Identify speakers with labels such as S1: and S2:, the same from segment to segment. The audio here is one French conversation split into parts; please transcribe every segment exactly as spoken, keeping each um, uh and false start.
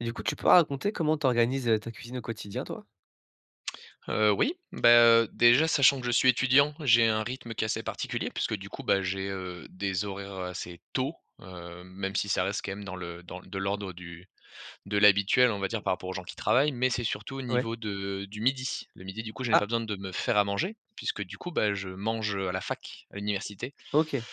S1: Et du coup tu peux raconter comment tu organises, heu, ta cuisine au quotidien toi?
S2: Heu, oui. Bah, heu, déjà sachant que je suis étudiant. J'ai un rythme qui est assez particulier puisque du coup, bah, j'ai, heu, des horaires, heu, assez tôt, hem, même si ça reste quand même dans le dans de l'ordre du de l'habituel on va dire par rapport aux gens qui travaillent mais c'est surtout au
S1: Ouais.
S2: niveau de du midi. Le midi du coup je n'ai pas
S1: Ah.
S2: besoin de me faire à manger, puisque du coup, bah, je mange, heu, à la fac, à l'université.
S1: OK.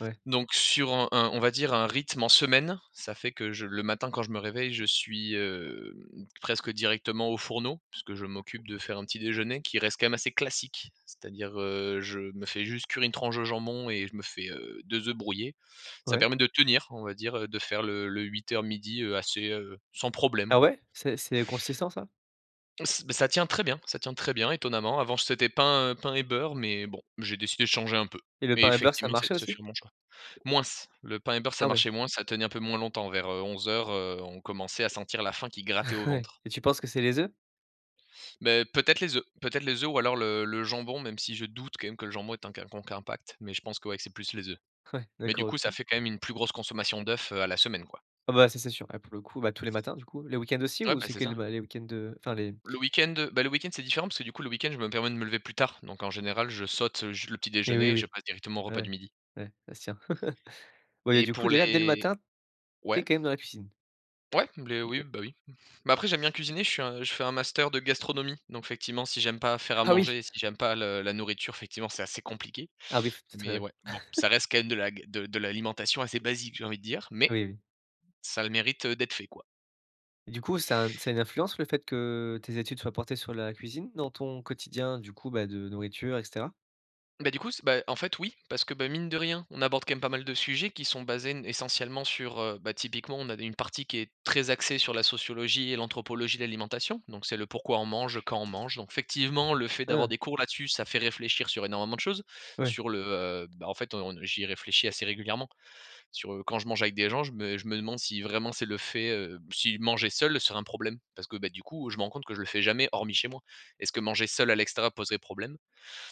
S1: Ouais.
S2: Donc sur un un on va dire un rythme en semaine, ça fait que je le matin, quand je me réveille, je suis, heu, presque directement aux fourneaux, puisque je m'occupe de faire un petit déjeuner qui reste quand même assez classique. C'est-à-dire, heu, je me fais juste cuire une tranche de jambon et je me fais, heu, deux œufs brouillés. Ça
S1: Ouais.
S2: permet de tenir on va dire, heu, de faire le le huit-heures-midi heu, assez, sans problème
S1: Ah
S2: quoi.
S1: ouais? C'est c'est consistant ça?
S2: M ç bah ça tient très bien, ça tient très bien étonnamment, avant j c'était pain pain et beurre mais bon. J'ai décidé de changer un peu,
S1: Et le
S2: mais
S1: pain et beurre ça
S2: effectivement c'est
S1: marchait
S2: ce fut
S1: aussi?
S2: un bon choix. Moins, le pain et beurre ça
S1: Ah ouais.
S2: marchait moins, ça tenait un peu moins longtemps, vers, heu, onze heures heu, on commençait à sentir la faim qui grattait au
S1: Ouais.
S2: ventre.
S1: Et tu penses que c'est les œufs?
S2: Beh, peut-être les œufs. Peut-être les œufs ou alors le-le jambon, même si je doute quand même que le jambon ait un quelconque impact, mais je pense que, ouais, que c'est plus les œufs.
S1: Ouais.
S2: Mais du
S1: D'accord,
S2: coup ça
S1: OK.
S2: fait quand même une plus grosse consommation d'œufs, heu, à la semaine quoi.
S1: Ah, bah, ça c'est sûr. Là pour le coup, bah, tous les matins du coup. Les week-ends aussi?
S2: Ouais,
S1: Ou
S2: bah,
S1: c'est
S2: c'est
S1: que
S2: ça
S1: les
S2: oui.
S1: ma les week-ends de, heu, enfin les
S2: Le week-end, bah, le week-end c'est différent parce que du coup le week-end je me permets de me lever plus tard. Donc en général je saute, heu, ju le petit
S1: Et oui,
S2: déjeuner et je
S1: oui.
S2: passe directement au repas du
S1: Ouais.
S2: midi.
S1: Ouais, ça se tient. Ouais et
S2: Et
S1: du coup
S2: pour
S1: déjà dès le
S2: les
S1: matin,
S2: ouais?
S1: [unintelligible] quand même dans la cuisine?
S2: Ouais. Blé, oui,
S1: OK.
S2: bah, oui. Bah, après j'aime bien cuisiner, je suis un je fais un master de gastronomie. Donc effectivement si j'aime pas faire à
S1: Ah oui.
S2: manger, et si j'aime pas le la nourriture effectivement c'est assez compliqué,
S1: Ah, oui, faut peut-être,
S2: mais
S1: heu, oui.
S2: ouais. Bon, ça reste quand même de la ga de de l'alimentation assez basique j'ai envie de dire, mais
S1: Oui, oui.
S2: ça a le mérite, heu, d'être fait quoi.
S1: Et du coup ça a un ça a une influence le fait que tes études soient portées sur la cuisine dans ton quotidien du coup, bah, de nourriture et cetera?
S2: Beh, du coup s bah, en fait oui parce que, bah, mine de rien, on aborde quand même pas mal de sujets qui sont basés n essentiellement sur, heu bah, typiquement on avait une partie qui est très axée sur la sociologie et l'anthropologie de l'alimentation. Donc c'est le, pourquoi on mange, heu, quand on mange. Donc effectivement le fait d'avoir
S1: Hein.
S2: des cours là-dessus ça fait réfléchir sur énormément de choses.
S1: Ouais.
S2: Sur le, heu, bah en fait on n j'y réfléchis assez régulièrement, sur, heu, quand je mange avec des gens je me je me demande si vraiment c'est le fait, heu si manger seul serait un problème. Parce que, beh, du coup, heu, je me rends compte que je le fais jamais hormis chez moi. Est-ce que manger seul à l'extérieur poserait problème?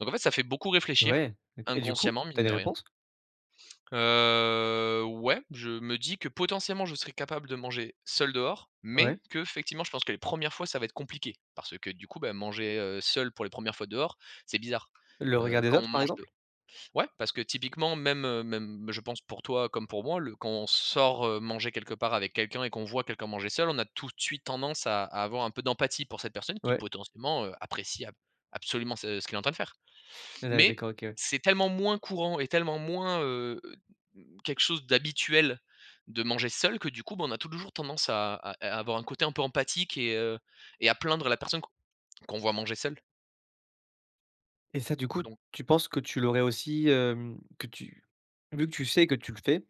S2: Donc, en fait ça fait beaucoup réfléchir,
S1: Ouais. Donc et du coup?
S2: inconsciemment
S1: Tu as
S2: mine
S1: des
S2: de rien.
S1: réponses?
S2: Heu, ouais. Je me dis que potentiellement je serais capable de manger seul dehors mais
S1: Ouais.
S2: qu'effectivement je pense que les premières fois ça va être compliqué. Parce que du coup, bah, manger, heu, seul pour les premières fois dehors, c'est bizarre.
S1: Le
S2: Heu,
S1: regard des
S2: quand on
S1: autres, par
S2: mange de
S1: exemple?
S2: ouais parce que typiquement même, heu, même je pense pour toi comme pour moi, le quand on sort, heu, manger quelque part avec quelqu'un et qu'on voit quelqu'un manger seul. On a tout de suite tendance à à avoir un peu d'empathie pour cette personne qui
S1: Ouais.
S2: potentiellement, heu, apprécie ab absolument ce ce qu'il est en train de faire.
S1: Ouais, d'a
S2: Mais
S1: d'accord OK ouais.
S2: c'est tellement moins courant et tellement moins, heu, m quelque chose d'habituel, de manger seul que du coup, bah, on a touljours tendance à à à avoir un côté un peu empathique et, heu, et à plaindre la personne qu qu'on voit manger seule.
S1: Et ça, du coup,
S2: Don
S1: tu penses que tu l'aurais aussi, hem, que tu vu que tu sais que tu le fais,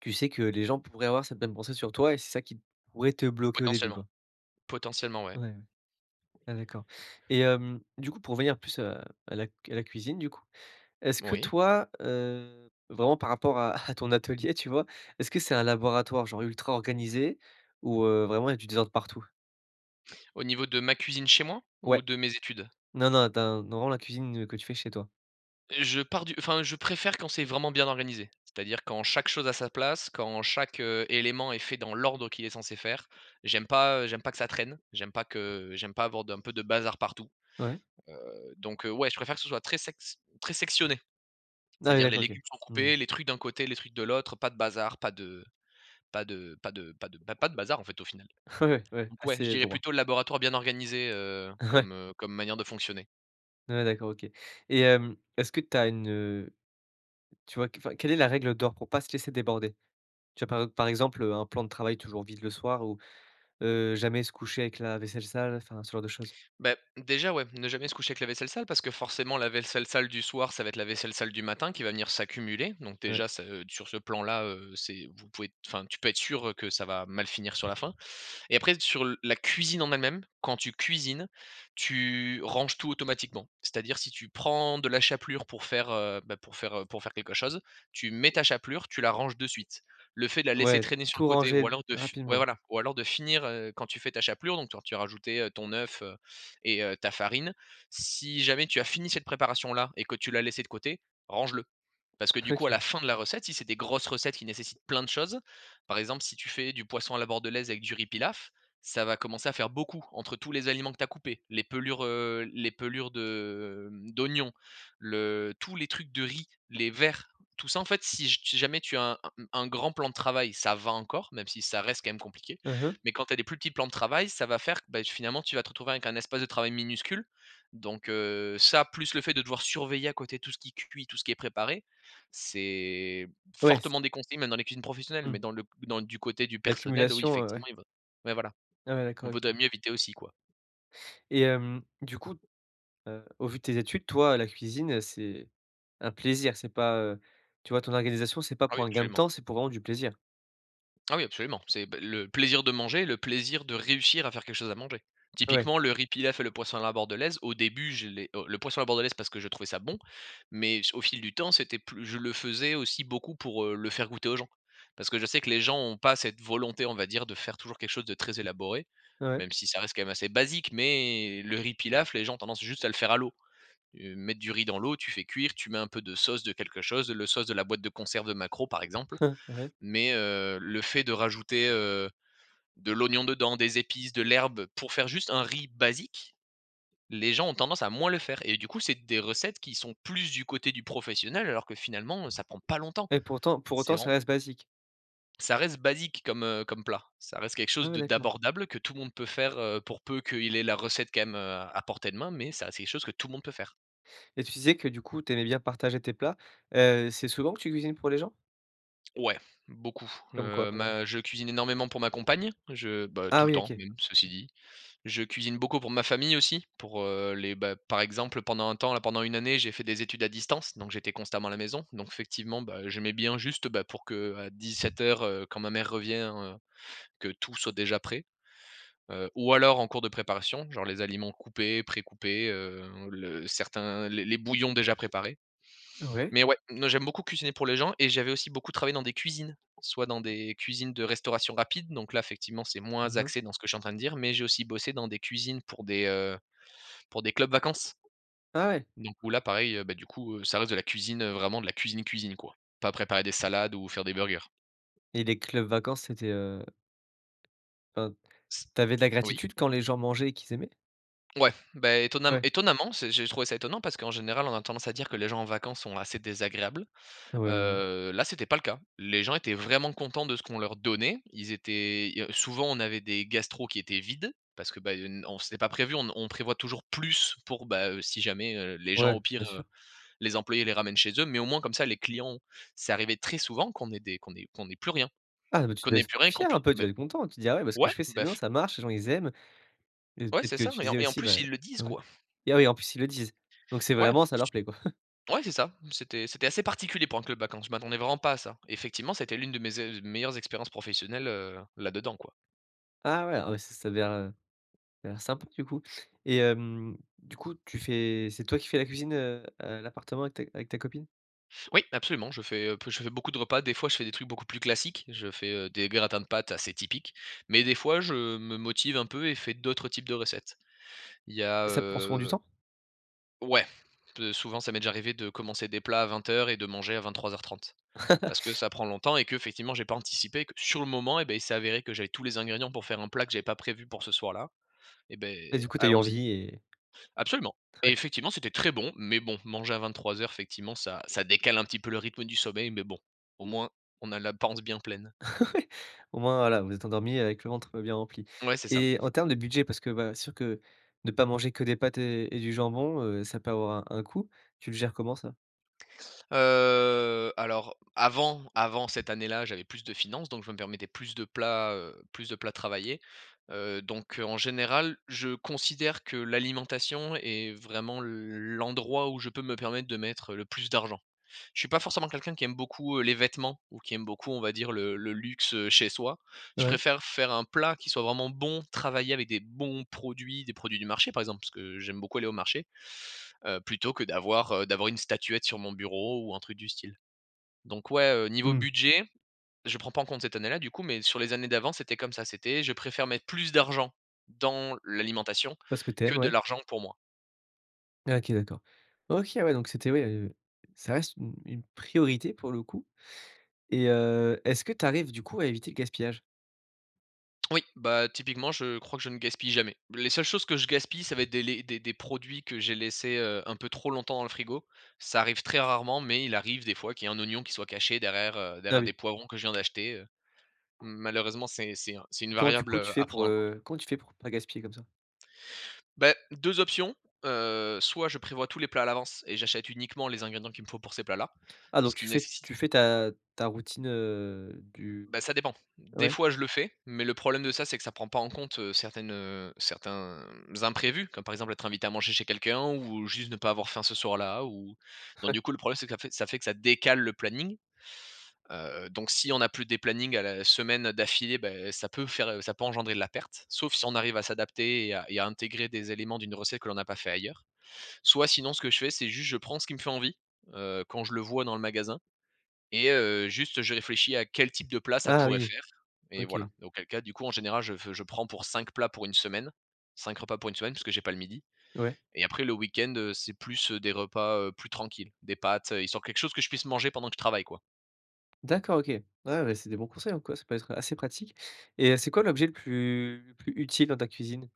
S1: tu sais que les gens pourraient avoir cette même pensée sur toi et c'est ça qui pourrait te bloquer au début
S2: Potentiellement.
S1: quoi?
S2: Potentiellement, ouais.
S1: Ouais. Ouais, d'accord. Et hem, du coup pour venir plus, heu, à la c à la cuisine du coup, est-ce que
S2: Oui.
S1: toi, heu, vraiment par rapport à à ton atelier, tu vois? Est-ce que c'est un laboratoire genre ultra organisé ou, heu, vraiment il y a du désordre partout?
S2: Au niveau de ma cuisine chez moi? Ou
S1: Ouais.
S2: de mes études?
S1: Non, non, dans dans vraiment la cuisine que tu fais chez toi.
S2: Heu, je pars du enfin, je préfère quand c'est vraiment bien organisé. C'est-à-dire quand chaque chose à sa place, quand chaque, heu, élément est fait dans l'ordre qu'il est censé faire. J'aime pas, heu, j'aime pas que ça traîne. J'aime pas que j'aime pas avoir de un peu de bazar partout.
S1: Ouais.
S2: Heu, donc, heu, ouais je préfère que ce soit très sec s très sectionné,
S1: Ah, oui,
S2: c'est-à-dire
S1: d'acc
S2: les
S1: OK.
S2: légumes sont
S1: Mmh.
S2: coupés, les trucs d'un côté, les trucs de l'autre, pas de bazar, pas de pas de pas de pas de, bah, pas de bazar en fait au final.
S1: Ouais, ouais,
S2: Donc, ouais je
S1: assez
S2: dirais
S1: droit.
S2: plutôt le laboratoire bien organisé, heu,
S1: Ouais.
S2: comme, heu, comme manière de fonctionner.
S1: Ouais, d'accord, OK. Et hem, est-ce que tu as une, heu, tu vois, qu enfin, quelle est la règle d'or pour pas se laisser déborder? Tu vois, par ep par exemple, heu, un plan de travail toujours vide le soir ou, heu, jamais se coucher avec la vaisselle sale, enfin ce genre de choses?
S2: Bah, déjà, ouais, ne jamais se coucher avec la vaisselle sale parce que forcément la vailsselle sale du soir, ça va être la vaisselle sale du matin qui va venir s'accumuler. Donc,
S1: Ouais.
S2: déjà ça, heu, sur ce plan-là, heu, c'est, vous pouvez êt enfin tu peux être sûr, heu, que ça va mal finir sur la fin. Et après sur la cuisine en elle-même, quand tu cuisines, tu ranges tout automatiquement. C'est-à-dire si tu prends de la chapelure pour faire, heu, bah, pour faire, heu, pour faire quelque chose, tu mets ta chapelure, tu la ranges de suite. Le fait de la laisser
S1: Ouais,
S2: traîner sur le
S1: tout
S2: côté ou
S1: ranger d
S2: alors de f ouais,
S1: rapidement.
S2: voilà, ou alors de finir, heu, quand tu fais ta chapelure, donc quand tu as rajouté, heu, ton oeuf et heu, ta farine. Si jamais tu as fini cette préparation-là et que tu l'as laissée de côté, range-le. Parce que du coup à la
S1: OK.
S2: fin de la recette si c'est des grosses recettes qui nécessitent plein de choses par exemple si tu fais du poisson à la bordelaise avec du riz pilaf, ça va commencer à faire beaucoup. Entre tous les aliments que tu as coupés, les pelures, heu, les pelures de, mmh, d'oignon, le tous les trucs de riz, les verres, tout ça en fait, si j si jamais tu as un un grand plan de travail, ça va encore, même si ça reste quand même compliqué.
S1: Mmh mh.
S2: Mais quand tu as des plus petits plans de travail, ça va faire que, bah, finalement tu vas te retrouver avec un espace de travail minuscule, donc, heu, ça plus le fait de devoir surveiller à côté tout ce qui cuit, tout ce qui est préparé, c'est
S1: Ouais, c
S2: fortement déconseillé, même dans les cuisines professionnelles. Mais
S1: Mmh.
S2: dans le dans l du côté du personnel, oui
S1: L'accumulation, heu,
S2: effectivement,
S1: ouais.
S2: il va ouais, voilà.
S1: Ah, ouais, d'accord,
S2: Il vaudrait
S1: OK.
S2: mieux éviter aussi quoi.
S1: Et, hem, du coup, heu, au vu de tes études toi et la cuisine, heu, c'est un plaisir c'est pas, heu tu vois, ton organisation, c'est pas
S2: Ah, oui,
S1: pour un gain de
S2: absolument.
S1: temps c'est pour vraiment du plaisir?
S2: Ah, oui absolument. C'est, ben, le plaisir de manger, le plaisir de réussir à faire quelque chose à manger.
S1: Ouais.
S2: Typiquement le riz pilaf et le poisson à la bordelaise, au début je l'ai heu, le poisson à la bordelaise parce que je trouvais ça bon, mais ce au fil du temps c'était plu je le faisais aussi beaucoup pour, heu, le faire goûter aux gens. Parce que je sais que les gens ont pas cette volonté on va dire de faire toujours quelque chose de très élaboré,
S1: Ouais.
S2: même si ça reste quand même assez basique, mais, le riz pilaf, les gens ont tendance juste à le faire à l'eau. Heu, mettre du riz dans l'eau, tu fais cuire, tu mets un peu de sauce de quelque chose, le sauce de la boîte de conserve de maquereaux par exemple.
S1: Ouais.
S2: Mais, heu, le fait de rajouter, heu, de l'oignon dedans, des épices, de l'herbe pour faire juste un riz basique, les gens ont tendance à moins le faire. Et du coup c'est des recettes qui sont plus du côté du professionnel alors que finalement, heu, ça prend pas longtemps,
S1: Et pourtant pour
S2: c'est
S1: autant ça
S2: vraiment
S1: reste basique?
S2: Ça reste basique comme, heu, comme plat. Ça reste quelque
S1: Ah,
S2: chose
S1: ouais,
S2: de
S1: d'accord.
S2: d'abordable, que tout le monde peut faire, heu, pour peu qu'il ait la recette quand même, heu, à portée de main, mais c'est à c'est chose que tout le monde peut faire.
S1: Et tu disais que du coup tu aimais bien partager tes plats, heu, c'est souvent que tu cuisines pour les gens?
S2: Ouais, beaucoup.
S1: Comme quoi
S2: Heu,
S1: par exemple?
S2: ma je cuisine énormément pour ma compagne, je, bah tout
S1: Ah,
S2: le
S1: oui,
S2: temps,
S1: OK.
S2: même, ceci dit. Je cuisine beaucoup pour ma famille aussi, pour, heu, les, bah par exemple pendant un temps, là, pendant une année, j'ai fait des études à distance, donc j'étais constamment à la maison, donc fectivement, bah, heu, j'aimais bien juste, bah, pour qu'à dix-sept heures, heu, quand ma mère revient, heu, que tout soit déjà prêt. Heu, ou alors en cours de préparation, genre les aliments coupés, pré-coupés, heu, le certains les les bouillons déjà préparés.
S1: Ouais.
S2: Mais ouais, non, j'aime beaucoup cuisiner pour les gens et j'avais aussi beaucoup travaillé dans des cuisines, soit dans des cuisines de restauration rapide, donc là fectivement c'est moins
S1: Mmh mh.
S2: axé dans ce que je suis en train de dire, mais j'ai aussi bossé dans des cuisines pour des, heu, pour des clubs vacances.
S1: Ah, ouais!
S2: Donc, où là pareil, bah du coup, heu, ça reste de la cuisine, heu, vraiment de la cuisine, cuisine quoi. Pas préparer des salades ou faire des burgers.
S1: Et les clubs vacances c'était, heu enfin,
S2: S
S1: tu avais de la
S2: oui.
S1: gratitude quand les gens mangeaient et qu'ils aimaient?
S2: Ouais. Bah, étonnam
S1: Ouais.
S2: étonnamment, c'est j'ai trouvé ça étonnant, parce qu'en général, on a tendance à dire que les gens en vacances sont assez désagréables.
S1: Ouais, ouais, ouais.
S2: Heu, là c'était pas le cas. Les gens étaient vraiment contents de ce qu'on leur donnait, ils étaient i heu, souvent on avait des gastros qui étaient vides. Parce que, bah, i heu, n on c'était pas prévu, on on prévoit toujours plus, pour, bah, heu, si jamais, heu, les gens au
S1: Ouais,
S2: pire,
S1: bien
S2: heu
S1: sûr.
S2: les employés les ramènent chez eux. Mais au moins comme ça les clients c'est arrivé très souvent qu'on ait des qu'on ait qu'on ait plus rien.
S1: Ah, ben, tu
S2: Qu'on
S1: devais
S2: ait
S1: être
S2: plus rien
S1: f
S2: et qu'on
S1: fier
S2: pui
S1: un peu de tu
S2: beh,
S1: devais être content? Tu te dis: «Ah, ouais, ben, ce que
S2: ouais,
S1: je fais c'est
S2: beh
S1: bien,
S2: f
S1: ça marche, les gens ils aiment». Et
S2: Ouais,
S1: peut-être
S2: c'est
S1: que
S2: ça
S1: tu
S2: et en
S1: disais
S2: et en
S1: aussi,
S2: plus
S1: ben
S2: ils le disent
S1: ouais,
S2: quoi!
S1: et ah, oui, en plus ils le disent! Donc, c'est
S2: Ouais,
S1: vraiment ça leur plaît quoi?
S2: ouais c'est ça, m c'était c'était assez particulier pour un club vacances, je m'attendais vraiment pas à ça. Effectivement c'était l'une de mes ze meilleures expériences professionnelles, heu, là dedans quoi.
S1: Ah, ouais, ah, bah ça ça avait l'air, heu, ça à l'air sympa du coup. Et hem, du coup, tu fais c'est toi qui fais la cuisine, heu, à l'appartement avec ta avec ta copine?
S2: Oui, absolument je fais, heu, p je fais beaucoup de repas. Des fois je fais des trucs beaucoup plus classiques, je fais, heu, des gratins de pâtes assez typiques. Mais des fois je me motive un peu et fais d'autres types de recettes. Il y a,
S1: Et ça te prend souvent du
S2: heu
S1: temps?
S2: Ouais. Peut souvent ça m'est déjà arrivé de commencer des plats à vingt heures et de manger à vingt-trois heures trente. Parce que ça prend longtemps et que effectivement j'ai pas anticipé que, sur le moment et, beh, il s'est avéré que j'avais tous les ingrédients pour faire un plat que j'avais pas prévu pour ce soir-là. Et,
S1: Et
S2: beh,
S1: du coup tu as eu
S2: allons-y!
S1: envie et
S2: Absolument et
S1: très.
S2: effectivement c'était très bon. Mais bon, manger à vingt-trois heures fectivement ça ça décale un petit peu le rythme du sommeil mais bon. Au moins, on a la panse bien pleine.
S1: Ouais. Au moins voilà vous vous êtes endormis avec le ventre bien rempli.
S2: Ouais, c'est ça.
S1: Et en termes de budget, parce que voilà c'est sûr que de pas manger que des pâtes et et du jambon, heu, ça peut avoir un un coût, tu le gères comment ça?
S2: Heu, alors, avant avant cette année-là, j'avais plus de finances, donc je me permettais plus de plats, heu, plus de plats travaillés. Heu, donc, heu, en général, je considère que l'alimentation est vraiment l l'endroit où je peux me permettre de mettre le plus d'argent. Je suis pas forcément quelqu'un qui aime beaucoup, heu, les vêtements, ou qui aime beaucoup on va dire le le luxe, heu, chez soi, je
S1: Ouais.
S2: préfère faire un plat qui soit vraiment bon, travailler avec des bons produits, des produits du marché par exemple, parce que j'aime beaucoup aller au marché. Heu, plutôt que d'avoir, heu, d'avoir une statuette sur mon bureau ou un truc du style. Donc, ouais, heu, niveau
S1: Mmh.
S2: budget, je prends pas en compte cette année-là du coup, mais sur les années d'avant, c'était comme ça. C'était: «Je préfère mettre plus d'argent dans l'alimentation,
S1: Pas ce que tu
S2: que
S1: aimes
S2: de
S1: ouais.
S2: l'argent pour moi».
S1: OK, d'accord. OK, ouais, donc c'était oui, heu, ça reste une une priorité pour le coup, et, heu, est-ce que tu arrives du coup à éviter le gaspillage?
S2: Oui, bah, typiquement, je crois que je ne gaspille jamais. Les seules choses que je gaspille, ça va être des les des des produits que j'ai laissés, heu, un peu trop longtemps dans le frigo. Ça arrive très rarement, mais il arrive des fois qu'il y ait un oignon qui soit caché derrière, heu,
S1: Ah
S2: derrière des
S1: oui.
S2: poivrons que je viens d'acheter, heu. Malheureusement, c'est c'est un c'est une
S1: Comment tu
S2: variable,
S1: coup
S2: heu,
S1: tu fais, heu,
S2: à prendre en compte.
S1: comment quand tu fais pour pas gaspiller comme ça?
S2: Bah, deux options, heu, soit je prévois tous les plats à l'avance et j'achète uniquement les ingrédients qu'il me faut pour ces plats-là,
S1: Ah
S2: ce
S1: donc
S2: qui
S1: tu fais
S2: nécessi
S1: tu fais ta ta routine, heu, du
S2: Bah, ça dépend. Des
S1: ouais.
S2: fois, je le fais, mais le problème de ça, c'est que ça prend pas en compte, heu, certaines, heu, certains, imprévus. Comme par exemple, être invité à manger chez quelqu'un ou juste ne pas avoir faim ce soir-là ou donc du coup le problème, c'est que ça fait ça fait que ça décale le planning. Heu, donc si on n'a plus des plannings à la semaine, heu, d'affilée, bah, heu, ça peut faire, heu, ça peut engendrer de la perte. Sauf si on arrive à s'adapter et à et à intégrer des éléments d'une recette que l'on n'a pas fait ailleurs. Soit sinon ce que je fais, c'est juste je prends ce qui me fait envie, heu, quand je le vois dans le magasin et heu, juste, je réfléchis à quel type de plat ça
S1: Ah
S2: pourrait
S1: oui.
S2: faire, et
S1: OK.
S2: voilà, et auquel cas, du coup, en général, je f je prends pour cinq plats pour une semaine. cinq repas pour une semaine, puisque j'ai pas le midi
S1: Ouais.
S2: et après, le week-end, heu, c'est plus, heu, des repas, heu, plus tranquilles. Des pâtes, heu, histoire quelque chose que je puisse manger pendant que je travaille, quoi.
S1: D'accord, OK. Ah ouais, bah, c'est des bons conseils en quoi ça peut être, heu, assez pratique, et heu, c'est quoi l'objet le plus le plus utile dans ta cuisine?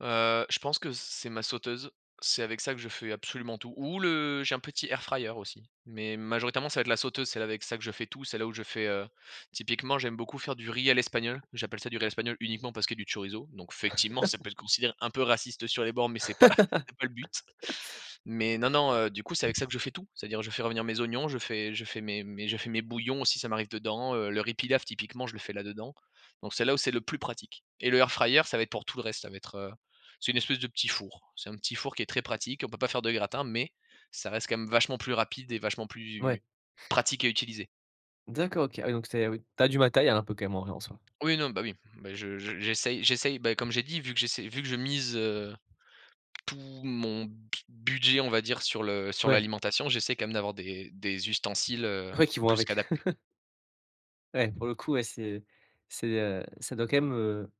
S2: Heu, je pense que c'est ma sauteuse, c'est avec ça que je fais absolument tout, ou le j'ai un petit air fryer aussi. Mais majoritairement ça va être la sauteuse, celle avec ça que je fais tout, c'est là où je fais, heu typiquement j'aime beaucoup faire du riz à l'espagnol. J'appelle ça du riz espagnol uniquement parce qu'il y a du chorizo, donc effectivement ça peut être considéré un peu raciste sur les bords, mais c'est pas c'est pas le but, mais non, non, heu, du coup c'est avec ça que je fais tout. C'est-à-dire je fais revenir mes oignons, je fais je fais mes mes je fais mes bouillons aussi ça m'arrive dedans. Heu, le riz Pilaf typiquement je le fais là-dedans, donc c'est là où c'est le plus pratique, et le air fryer ça va être pour tout le reste. Ça va être heu, c'est une espèce de petit four, c'est un petit four qui est très pratique on peut pas faire de gratin mais, ça reste quand même vachement plus rapide et vachement plus,
S1: Ouais.
S2: pratique à utiliser.
S1: D'accord, OK. Ah oui donc c'est oui tu as du matériel un peu quand même en en soi.
S2: Oui, non, bah, oui. Bah, je je j'essaye j'essaye, bah, comme j'ai dit vu que j'essaie vu que je mise, heu, tout mon budget on va dire sur le sur
S1: Ouais.
S2: l'alimentation, j'essaie quand même d'avoir des des ustensiles, heu,
S1: Ouais qui vont
S2: plus
S1: avec.
S2: qu'adaptés.
S1: Ouais pour le coup ouais c'est c'est heu, ça doit quand même, heu,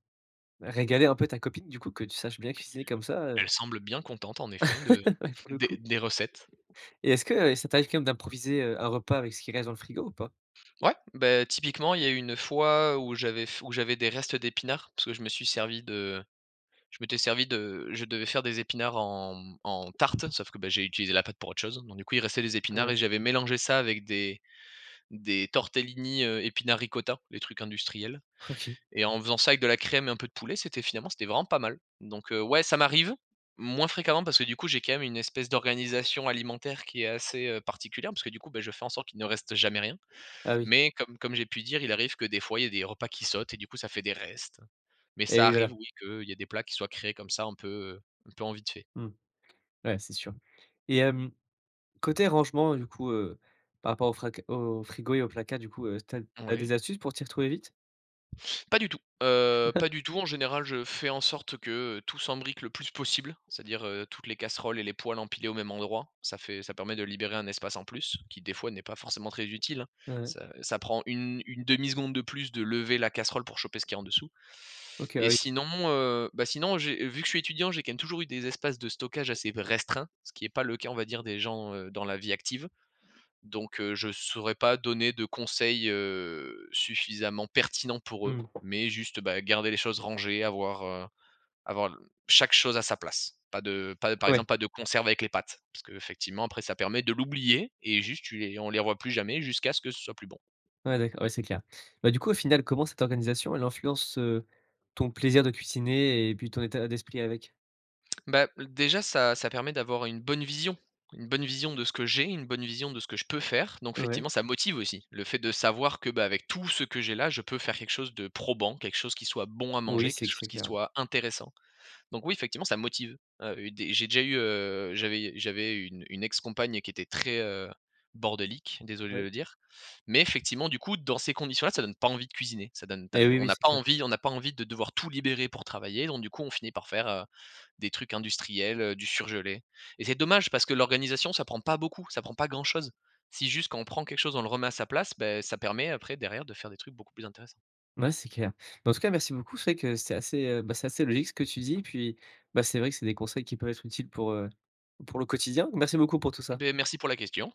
S1: régaler un peu ta copine du coup que tu saches bien cuisiner comme ça, heu
S2: Elle semble bien contente en effet de
S1: Ouais, pour le
S2: des
S1: coup.
S2: des recettes.
S1: Et est-ce que, heu, ça t'arrive quand même d'improviser, heu, un repas avec ce qui reste dans le frigo ou pas?
S2: Ouais, beh, typiquement il y a eu une fois où j'avais f où j'avais des restes d'épinards, parce que je me suis servi de je m'étais servi de je devais faire des épinards en, mmh, en tarte sauf que, bah, j'ai utilisé la pâte pour autre chose. Donc du coup il restait des épinards
S1: Ouais.
S2: et j'avais mélangé ça avec des des tortellini, heu, épinard-ricotta, des trucs industriels,
S1: OK
S2: et en faisant ça avec de la crème et un peu de poulet, c'était finalement c'était vraiment pas mal. Donc, heu, ouais ça m'arrive, moins fréquemment parce que du coup j'ai quand même une espèce d'organisation alimentaire qui est assez, heu, particulière, parce que du coup, bah, je fais en sorte qu'il ne reste jamais rien,
S1: Ah oui.
S2: mais comme comme j'ai pu dire il arrive que des fois, il y ait des repas qui sautent et du coup, ça fait des restes. Mais
S1: Et
S2: ça
S1: oui voilà.
S2: arrive oui, qu'il y ait des plats qui soient créés comme ça un peu, heu, un peu en vite fait.
S1: Mmh. Ouais c'est sûr. Et hem, côté rangement du coup, heu, par rapport au frac au frigo et au placard du coup, heu, tu as tu as
S2: Oui.
S1: des astuces pour t'y retrouver vite?
S2: Pas du tout! Heu, pas du tout. En général, je fais en sorte que, heu, tout s'embrique le plus possible, c'est-à-dire, heu, toutes les casseroles et les poêles empilées au même endroit. Ça fait ça permet de libérer un espace en plus, qui des fois n'est pas forcément très utile, hein.
S1: Ouais.
S2: Ça ça prend une une demi seconde de plus de lever la casserole pour choper ce qui est en dessous.
S1: OK, bah
S2: Et
S1: oui.
S2: sinon, heu, bah, sinon, j'ai vu que je suis étudiant, j'ai quand même toujours eu des espaces de stockage assez v restreints, ce qui est pas le cas on va dire des gens, heu, dans la vie active. Donc, heu, je saurais pas donner de conseils, heu, suffisamment pertinents pour eux,
S1: Mmh.
S2: mais juste, heu, bah, garder les choses rangées, avoir, heu, avoir l chaque chose à sa place. Pas de pas de par
S1: Ouais.
S2: exemple pas de conserve avec les pâtes, parce que effectivement après ça permet de l'oublier et juste tu les on les revoit plus jamais jusqu'à ce que ce soit plus bon.
S1: Ouais d'accord, ouais c'est clair. Bah, du coup au final comment cette organisation elle influence, heu, ton plaisir de cuisiner et puis ton état d'esprit avec?
S2: Bah, heu, déjà ça ça permet d'avoir une bonne vision. Une bonne vision de ce que j'ai, une bonne vision de ce que je peux faire, donc
S1: Ouais.
S2: effectivement ça motive aussi, le fait de savoir que, bah, avec tout ce que j'ai là, je peux faire quelque chose de probant, quelque chose qui soit bon à
S1: Oui
S2: manger,
S1: c'est
S2: quelque
S1: c
S2: chose
S1: c'est
S2: qui
S1: clair ouais.
S2: soit intéressant. Donc oui effectivement ça motive, heu, et dé j'ai déjà eu, heu, j'avais u j'avais une une ex-compagne qui était très, heu, bordélique, désolé de
S1: Ouais.
S2: le dire, mais effectivement du coup dans ces conditions-là ça donne pas envie de cuisiner. Ça donne tu
S1: Et
S2: as
S1: oui,
S2: on
S1: oui,
S2: n'a
S1: c'est
S2: pas
S1: clair.
S2: envie, on n'a pas envie de devoir tout libérer pour travailler, donc du coup on finit par faire, heu, des trucs industriels, heu, du surgelé. Et c'est dommage parce que l'organisation ça prend pas beaucoup, ça prend pas grand chose. Si juste quand on prend quelque chose on le remet à sa place, beh, ça permet après derrière de faire des trucs beaucoup plus intéressants.
S1: Ouais, c'est clair. Bah, en tout cas merci beaucoup, c'est vrai que c'est assez, heu, bah, c'est assez logique ce que tu dis puis, bah, c'est vrai que c'est des conseils qui peuvent être utiles pour, heu, pour le quotidien. Merci beaucoup pour tout ça!
S2: Beh, merci pour la question.